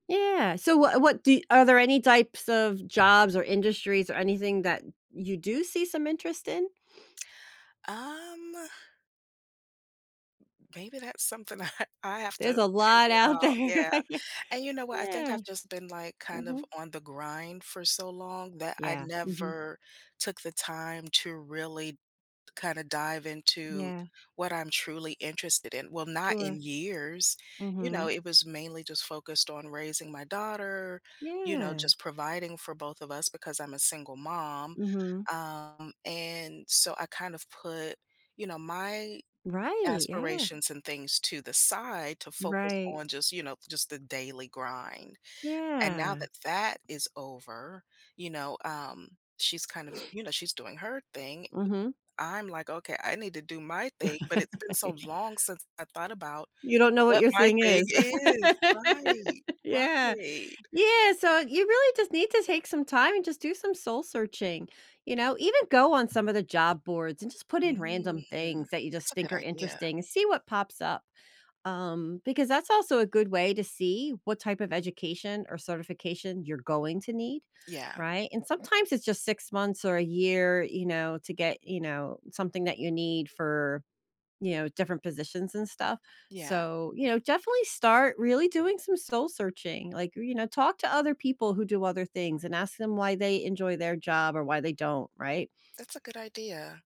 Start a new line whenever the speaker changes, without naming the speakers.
Yeah, so what what do are there any types of, jobs or industries or anything that, you do see some interest in?
Um Maybe that's something I have
There's
to
a lot
figure
out
out.
there,
Yeah,
yeah.
and you know what? I think
Yeah.
I've just been, like, kind of
Mhm.
on the grind for so long that I
Yeah, mhm.
never took the time to really kinda dive into,
Yeah.
what I'm truly interested in. Well, not
Sure.
in years, you know,
Mhm.
it was mainly just focused on raising my daughter, you know,
Yeah.
just providing for both of us because I'm a single mom,
Mhm.
um, and, so I kind of put, you know, my
Right, yeah.
aspirations and things to the side to focus
Right.
on just, you know, just the daily grind. And now
Yeah.
that that is over, you know, um, she's kind of, you know, she's doing her thing.
Mhm.
I'm like, "Okay. I need to do my thing." But it's been so long since I thought about
You don't know what
what
your
my
thing
thing
is.
is. Right
Yeah,
right.
yeah, so you really just need to take some time and just do some soul searching. You know? Even go on some of the job boards, and just put in
Mm,
random things that you
thats
just
a good
think are
idea.
interesting. See what pops up. Um, because that's also a good way to see, what type of education or certification you're going to need.
Yeah.
Right? And sometimes, it's just 6 months or a year, you know, to get, you know, something that you need for you know, different positions and stuff.
Yeah.
So, you know, definitely start really doing some soul searching. Like, you know, talk to other people who do other things, and ask them why they enjoy their job or why they don't, right?
That's a good idea.